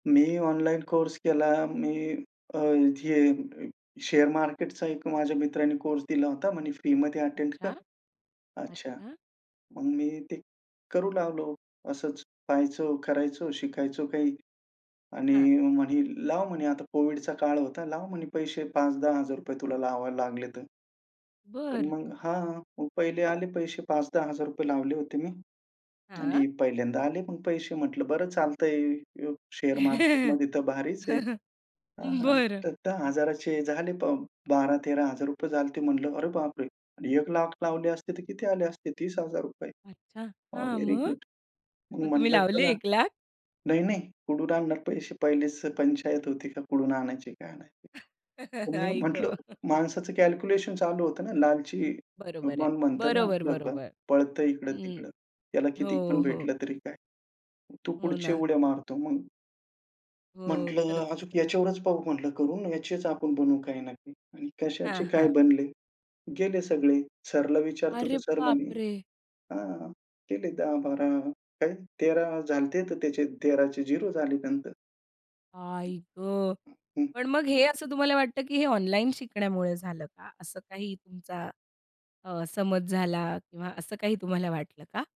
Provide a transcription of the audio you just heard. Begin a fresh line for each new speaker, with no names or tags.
मी online course केला. मी अ, हे share मार्केटचा एक माझ्या मित्राने कोर्स दिला होता. म्हणे फ्रीमध्ये अटेंड कर.
अच्छा.
अच्छा,
अच्छा.
मग मी ते करू लागलो. असंच पहायचो, करायचो शिकायचो काही. आणि
हां.
म्हणे, "लाव" म्हणे, आता COVIDचा काळ होता. "लाव म्हणे पैसे ₹5-10 हजार तुला लावावे लागले तर." पण
बरं.
मग हां, प पहिले आले पैसे ₹5-10 हजार लावले होते मी.
हां.
आणि पहिल्यांदा आले पण पैसे म्हटलं, "बरं चालतंय [unintelligible] शेअर मार्केटमध्ये तरं भारीच आहे." हां
बरं.
तर 10000 चे झाले ब ₹12-13 हजार झालते म्हटलं, "अरे बाप रे! 100000 लावले असते तर किती आले असते? ₹30 हजार
अच्छा!
अ,
हां.
व्हेरी
मग?
गुड." मग
मग तुम्ही
म्हटलं,
लावले
"चला.
1 लाख?
नाही-नाही कुठून आणणार? अशी पहिलीच पंचायत होती का कुठूना आणायचे? काय आणायचे?" मी
आई
म्हटलं
ग.
माणसाचं कॅल्क्युलेशन चालू होतो ना लालची
बरोबर आहे,
मन म्हणतो ना
बरोबर,
आपलं,
बरोबर.
पळत
हं.
इकडं-तिकडं. त्याला
हो,
किती पण
हो.
भेटलं तरी काय. तो
हो
पुढची
ना.
उड्डया मारतो मग.
हो.
म्हटलं,
खरंच,
"अजून
खर
याच्यावरच पाहू" म्हटलं, "करून, याचीच आपण बनवू काही ना काही." आणि कशाचे
हां,
काय
हां.
बनले? गेले सगळे. सरला विचारतो तर
अरे
सर
बाप
म्हणे,
रे!
"हां, गेले 10-12 काय 13 झाले होते. तर त्याचे 13चे 0 झाले नंतर.
आई गं.
हं.
पण मग हे असं तुम्हाला वाटतं, की हे ऑनलाईन शिकण्यामुळे झालं का? असं काही तुमचा अ, समज झाला किंवा असं काही तुम्हाला वाटलं का?